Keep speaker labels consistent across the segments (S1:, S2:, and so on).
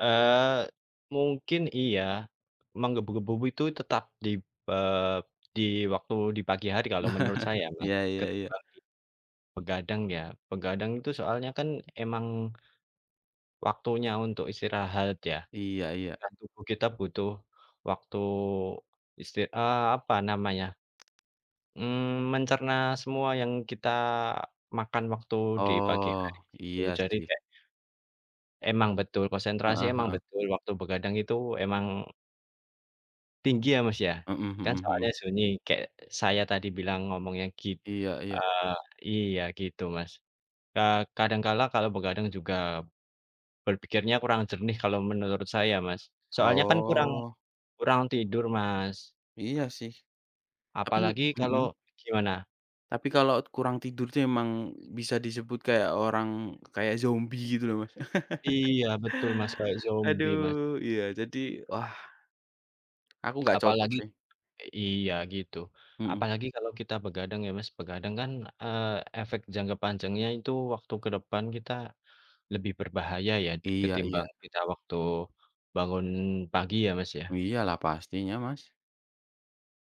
S1: Eee, mungkin iya, menggebu-gebu ku itu tetap di, eee, di waktu di pagi hari kalau menurut saya ya Mas,
S2: Iya iya iya.
S1: ketimbang begadang ya. Begadang itu soalnya kan emang waktunya untuk istirahat ya
S2: Iya iya.
S1: dan tubuh kita butuh waktu istir eee, apa namanya, mmm, mencerna semua yang kita makan waktu di pagi hari
S2: Oh,
S1: gitu.
S2: iya
S1: Jadi
S2: sih.
S1: kayak Emang betul konsentrasi,
S2: Heeh
S1: emang
S2: heeh.
S1: betul waktu begadang itu emang tinggi ya Mas ya.
S2: Mhm
S1: Kan
S2: mhm mhm.
S1: soalnya sunyi kayak saya tadi bilang ngomongnya git
S2: Iya iya.
S1: eee, iya gitu Mas. Eee, kadangkala kalau begadang juga berpikirnya kurang jernih kalau menurut saya Mas. Soalnya kan kurang,
S2: Oh.
S1: kurang tidur Mas.
S2: Iya sih. Tapi,
S1: Apalagi kalau
S2: mhm.
S1: gimana?
S2: Tapi kalau kurang tidur tuh emang, bisa disebut kayak orang, kayak zombie gitu loh Mas.
S1: Iya betul Mas, kayak zombie,
S2: Aduh,
S1: Mas.
S2: iya jadi wah, Aku nggak cocok
S1: Apalagi,
S2: sih.
S1: eee, iya gitu.
S2: Mhm.
S1: Apalagi kalau kita begadang ya, Mas. Begadang kan, eee, efek jangka panjangnya itu waktu ke depan kita lebih berbahaya ya,
S2: Iya
S1: ketimbang
S2: iya.
S1: kita waktu bangun pagi ya, Mas ya.
S2: Iyalah pastinya, Mas.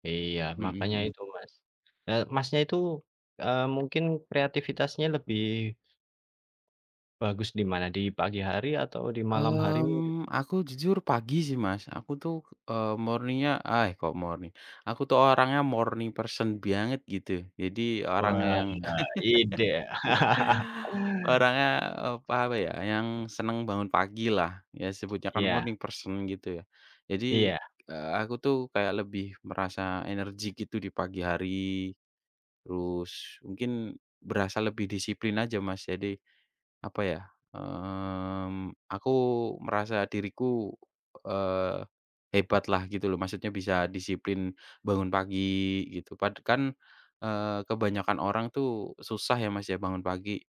S1: Iya
S2: Mhm
S1: makanya
S2: mhm.
S1: itu Mas. Eee, Masnya itu, eee, mungkin kreativitasnya lebih bagus di mana? Di pagi hari atau di malam hari mungkin?
S2: Mmm. Aku jujur pagi sih Mas. Aku tuh, eee, morning-nya, eee, kok morning. Aku tuh orangnya morning person banget gitu. Jadi orang
S1: Wah,
S2: yang,
S1: iya ide.
S2: orangnya, e pa apa ya, yang senang bangun pagi lah, ya sebutnya kan
S1: Iya.
S2: morning person, gitu ya. Jadi,
S1: Iya.
S2: eee, aku tuh kayak lebih merasa energik gitu di pagi hari, terus mungkin berasa lebih disiplin aja Mas. Jadi, apa ya, mmm, aku merasa diriku, eee, hebat lah gitu loh, maksudnya bisa disiplin, bangun pagi gitu. Pad kan, eee, kebanyakan orang tuh susah ya Mas ya, bangun pagi.